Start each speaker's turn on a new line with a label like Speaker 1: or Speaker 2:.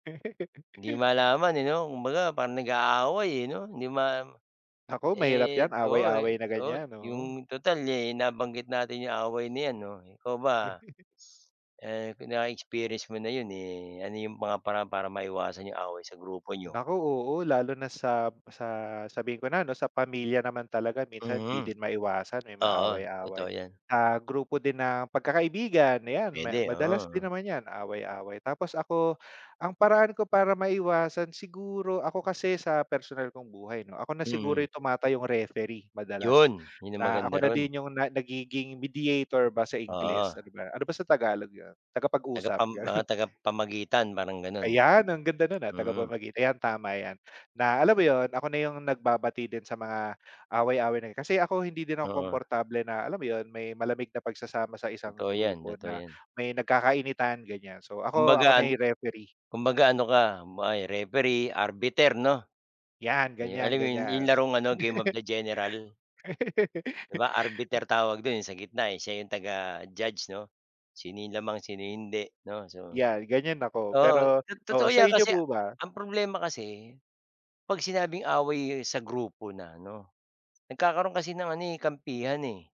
Speaker 1: Hindi malaman, eh, 'no kumbaga parang nag-aaway, eh, 'no hindi ma
Speaker 2: Naku, mahirap
Speaker 1: Eh,
Speaker 2: yan
Speaker 1: oo,
Speaker 2: away-away na
Speaker 1: oo
Speaker 2: ganyan, oo.
Speaker 1: yung total, eh, nabanggit natin 'yong away nayan 'no ikaw ba, eh, kung na-experience mo na 'yun, eh, ano yung mga paraan para maiwasan yung away sa grupo niyo?
Speaker 2: Naku, oo lalo na sa, sa sabihin ko na 'no sa pamilya naman talaga minsan 'di
Speaker 1: Mhm.
Speaker 2: din maiwasan may
Speaker 1: Oo, totoo
Speaker 2: maaway-away.
Speaker 1: yan.
Speaker 2: Ah, grupo din ng pagkakaibigan yan ma
Speaker 1: Puwede,
Speaker 2: madalas din
Speaker 1: oo.
Speaker 2: naman yan away-away, tapos ako ang paraan ko para maiwasan siguro, ako kasi sa personal kong buhay 'no ako na siguro
Speaker 1: Hmm.
Speaker 2: yung tumatayong referee madalas.
Speaker 1: 'Yun, 'yun ang
Speaker 2: Na ako
Speaker 1: maganda
Speaker 2: na
Speaker 1: ro'n.
Speaker 2: din yung na nagiging mediator ba sa
Speaker 1: Oo.
Speaker 2: Ingles, ano ba ano ba sa Tagalog 'yun? Tagapag-usap,
Speaker 1: Tagapam mga
Speaker 2: gano'n.
Speaker 1: tagapamagitan parang gano'n.
Speaker 2: Ayan, ang
Speaker 1: Oh.
Speaker 2: ganda no'n, ah,
Speaker 1: Mm.
Speaker 2: tagapamagitan ayan tama yan na alam mo 'yun ako na yung nagbabati din sa mga, away-away na yan, kasi ako hindi din ako
Speaker 1: Oo.
Speaker 2: komportable na alam mo 'yun may malamig na pagsasama sa isang
Speaker 1: Totoo yan,
Speaker 2: grupo
Speaker 1: totoo
Speaker 2: na
Speaker 1: 'yan.
Speaker 2: may nagkakainitan ganiyan. So ako,
Speaker 1: Kumbaga
Speaker 2: ako
Speaker 1: an
Speaker 2: na yung referee.
Speaker 1: Kumbaga ano ka may referee, arbiter 'no?
Speaker 2: Yan,
Speaker 1: Ayo alam mo 'yun yung
Speaker 2: ganyan-ganyan.
Speaker 1: larong ano Game of the General? 'Di ba arbiter tawag do'n yung sa gitna, eh, siya 'yong taga-judge 'no. Sino yung lamang sino hindi 'no, so
Speaker 2: Yan ganyan ako
Speaker 1: Oo,
Speaker 2: pero oo,
Speaker 1: to-totoo 'yan
Speaker 2: sa inyo
Speaker 1: kasi
Speaker 2: po ba?
Speaker 1: ang problema kasi, 'pag sinabing away sa grupo na 'no, nagkakaroon kasi ng ano, eh, kampihan, eh.